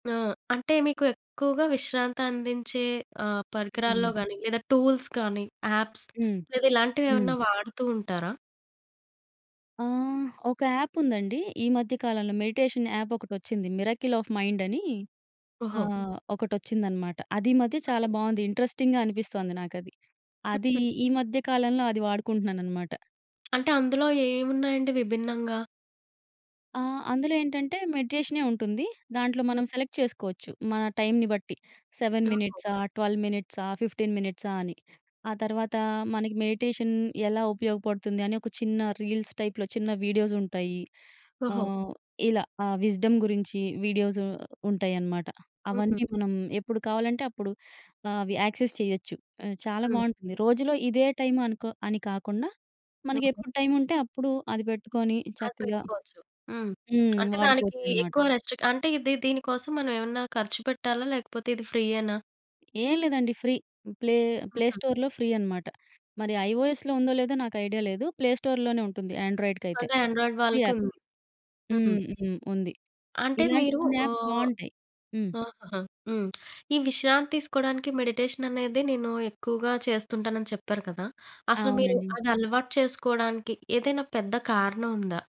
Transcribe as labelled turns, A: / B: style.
A: ఆ! అంటే మీకు ఎక్కువగా విశ్రాంతి అందించే ఆహ్, పరికరాల్లో
B: హ్మ్.
A: గాని లేదా టూల్స్ కానీ యాప్స్
B: హ్మ్.
A: లేదా
B: హ్మ్.
A: ఇలాంటివేమన్నా వాడుతూ ఉంటారా?
B: ఆ! ఒక యాపుందండి. ఈ మధ్య కాలంలో మెడిటేషన్ యాపొకటచ్చింది మిరాకిల్ ఆఫ్ మైండ్ అని
A: ఓహో!
B: ఆహ్, ఒకటొచ్చిందన్నమాట. అది ఈ మధ్య చాలా బావుంది. ఇంట్రెస్టింగ్‌గా అనిపిస్తోంది నాకది. అది ఈ మధ్య కాలంలో అది వాడుకుంటున్నానన్నమాట.
A: అంటే అందులో ఏమున్నాయండి విభిన్నంగా?
B: ఆ! అందులో ఏంటంటే మెడిటేషనే ఉంటుంది. దాంట్లో మనం సెలెక్ట్ చేసుకోవచ్చు మన టైంని బట్టి. 7
A: ఓహో!
B: మినిట్సా, 12 మినిట్సా, 15 మినిట్సా అని ఆ తర్వాత మనకి మెడిటేషన్ ఎలా ఉపయోగపడుతుంది అని ఒక చిన్న రీల్స్ టైప్‌లో చిన్న వీడియోసుంటాయి.
A: ఓహో!
B: ఆహ్, ఇలా. ఆహ్, విజ్‌డమ్ గురించి వీడియోసు ఉంటాయన్నమాట.
A: హుహు.
B: అవన్నీ మనం ఎప్పుడు కావాలంటే అప్పుడు అవి యాక్సెస్ చేయొచ్చు. చాలా
A: హ్మ్.
B: బావుంటుంది. రోజులో ఇదే టైం అనుకో అని కాకుండా
A: యోగ
B: మనకెప్పుడు టైం ఉంటే అప్పుడు అది పెట్టుకొని
A: అది
B: చక్కగా
A: పెట్టుకోవచ్చు. హ్మ్.
B: హ్మ్.
A: అంటే దానికి
B: వాడుకోవచ్చన్నమాట.
A: ఎక్కువ రిస్ట్రిక్ట్ అంటే దీ దీని కోసం మనం ఏమన్నా ఖర్చు పెట్టాలా? లేకపోతే ఇది ఫ్రీయేనా?
B: ఏం లేదండి. ఫ్రీ ప్లే ప్లే
A: హ్మ్.
B: స్టోర్‌లో ఫ్రీ అన్నమాట. మరి ఐఒఎస్‌‌లో ఉందో లేదో నాకు ఐడియా లేదు. ప్లే స్టోర్‌లోనే ఉంటుంది ఆండ్రాయిడ్‌కయితే.
A: అదే ఆండ్రాయిడ్
B: ఫ్రీ యాప్.
A: వాళ్ళకుంది.
B: హ్మ్,
A: హ్మ్.
B: హ్మ్. ఉంది.
A: అంటే
B: ఇలాంటి
A: మీరు
B: కొన్ని యాప్స్
A: ఆహ్,
B: బావుంటాయి. హ్మ్.
A: ఆహా! హ్మ్. ఈ విశ్రాంతి తీసుకోడానికి మెడిటేషనేది నేను ఎక్కువగా చేస్తుంటాను అని చెప్పారు కదా! అసలు మీరు
B: అవునండి.
A: అది అలవాటు చేసుకోవడానికి ఏదైనా పెద్ద కారణం ఉందా?